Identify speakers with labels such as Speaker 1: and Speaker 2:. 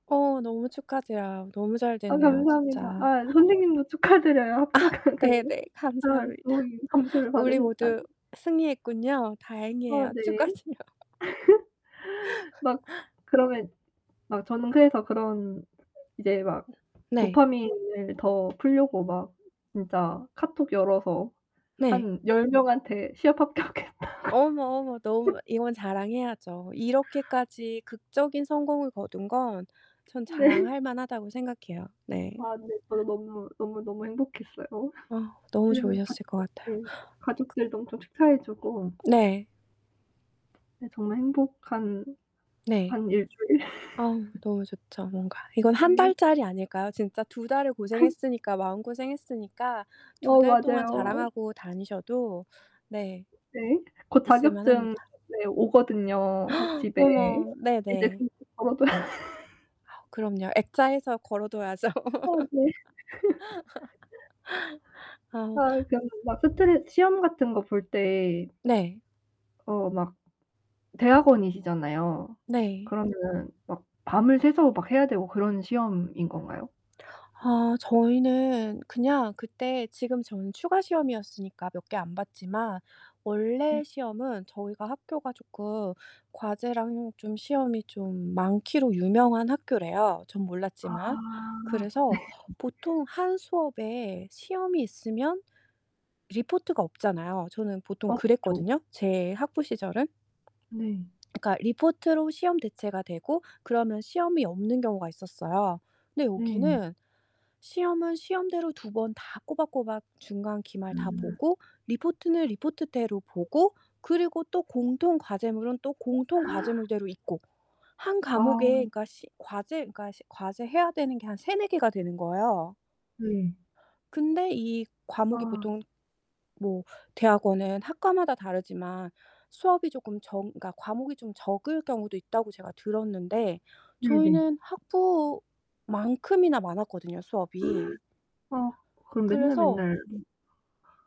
Speaker 1: 어 너무 축하드려요. 너무 잘
Speaker 2: 아,
Speaker 1: 됐네요
Speaker 2: 감사합니다.
Speaker 1: 진짜.
Speaker 2: 아, 선생님도 축하드려요.
Speaker 1: 아
Speaker 2: 합격을
Speaker 1: 네네.
Speaker 2: [unintelligible] 잘
Speaker 1: 감사합니다.
Speaker 2: 좋은 점수를
Speaker 1: 우리
Speaker 2: 받으셨다니.
Speaker 1: 모두 승리했군요.
Speaker 2: 아
Speaker 1: 다행이에요.
Speaker 2: 네.
Speaker 1: 축하드려요.
Speaker 2: 막 그러면 막 저는 그래서 그런 이제 막
Speaker 1: 음 네.
Speaker 2: 도파민을 더 풀려고 막 진짜 카톡 열어서
Speaker 1: 네.
Speaker 2: 한 10 명한테 시합 합격했다고
Speaker 1: 어머, 어머 너무 이건 자랑해야죠. 이렇게까지 극적인 성공을 거둔 건 전
Speaker 2: 네.
Speaker 1: 자랑할만하다고 생각해요. 네.
Speaker 2: 아 네 저도 너무, 너무, 너무 행복했어요.
Speaker 1: 아, 너무
Speaker 2: 그래서
Speaker 1: 좋으셨을 것 같아요. 극
Speaker 2: 가족들 가족들도 엄청 축하해주고
Speaker 1: 네.
Speaker 2: 근데 정말 행복한
Speaker 1: 네.
Speaker 2: 한 1 주일?
Speaker 1: 아 너무 좋죠. 뭔가. 이건 1
Speaker 2: 네.
Speaker 1: 달짜리 아닐까요? 진짜 2 달을 고생했으니까 마음 고생했으니까 2
Speaker 2: 어,
Speaker 1: 달동안
Speaker 2: 맞아요.
Speaker 1: 자랑하고 다니셔도 네.
Speaker 2: 네. 곧 자격증
Speaker 1: 있을만합니다.
Speaker 2: 네 오거든요 학 집에.
Speaker 1: 어머,
Speaker 2: 이제
Speaker 1: 네네.
Speaker 2: [unintelligible] 걸어둬야
Speaker 1: 그럼요. 액자해서 걸어둬야죠.
Speaker 2: 아 네.
Speaker 1: 아.
Speaker 2: 아 그 막 스트레 시험 같은 거 볼 때
Speaker 1: 네.
Speaker 2: 어 막 대학원이시잖아요.
Speaker 1: 네.
Speaker 2: 그러면은 막 밤을 새서 막 해야 되고 그런 시험인 건가요?
Speaker 1: 아 저희는 그냥 그때 지금 저는 추가 시험이었으니까 몇 개 안 봤지만
Speaker 2: 네.
Speaker 1: 원래 시험은 저희가 학교가 쪼끔 과제랑 좀 시험이 좀 많기로 유명한 학교래요 전
Speaker 2: 아
Speaker 1: 몰랐지만. 그래서
Speaker 2: 네.
Speaker 1: 보통 1 수업에 시험이 있으면 리포트가 없잖아요. 저는
Speaker 2: 어
Speaker 1: 보통
Speaker 2: 저
Speaker 1: 그랬거든요 제 학부 시절은.
Speaker 2: 네.
Speaker 1: 그러니까 리포트로 시험 대체가 되고 그러면 시험이 없는 경우가 있었어요. 근데
Speaker 2: 네.
Speaker 1: 여기는 시험은 시험대로 2 번 다 꼬박꼬박 중간 기말 다
Speaker 2: 음.
Speaker 1: 보고 리포트는 리포트대로 보고 그리고 또 공통 과제물은 또 공통 과제물대로 있고. 1 과목에
Speaker 2: 아.
Speaker 1: 그러니까 시 과제 그러니까 시 과제 해야 되는 게 한 3-4 개가 되는 거예요.
Speaker 2: 네.
Speaker 1: 근데 이 과목이
Speaker 2: 아.
Speaker 1: 보통 뭐 대학원은 학과마다 다르지만 수업이 쪼끔 적 그러니까 과목이 좀 적을 경우도 있다고 제가 들었는데
Speaker 2: 네네.
Speaker 1: 저희는 학부만큼이나 많았거든요 수업이.
Speaker 2: 아 그럼 맨날
Speaker 1: 그래서
Speaker 2: 맨날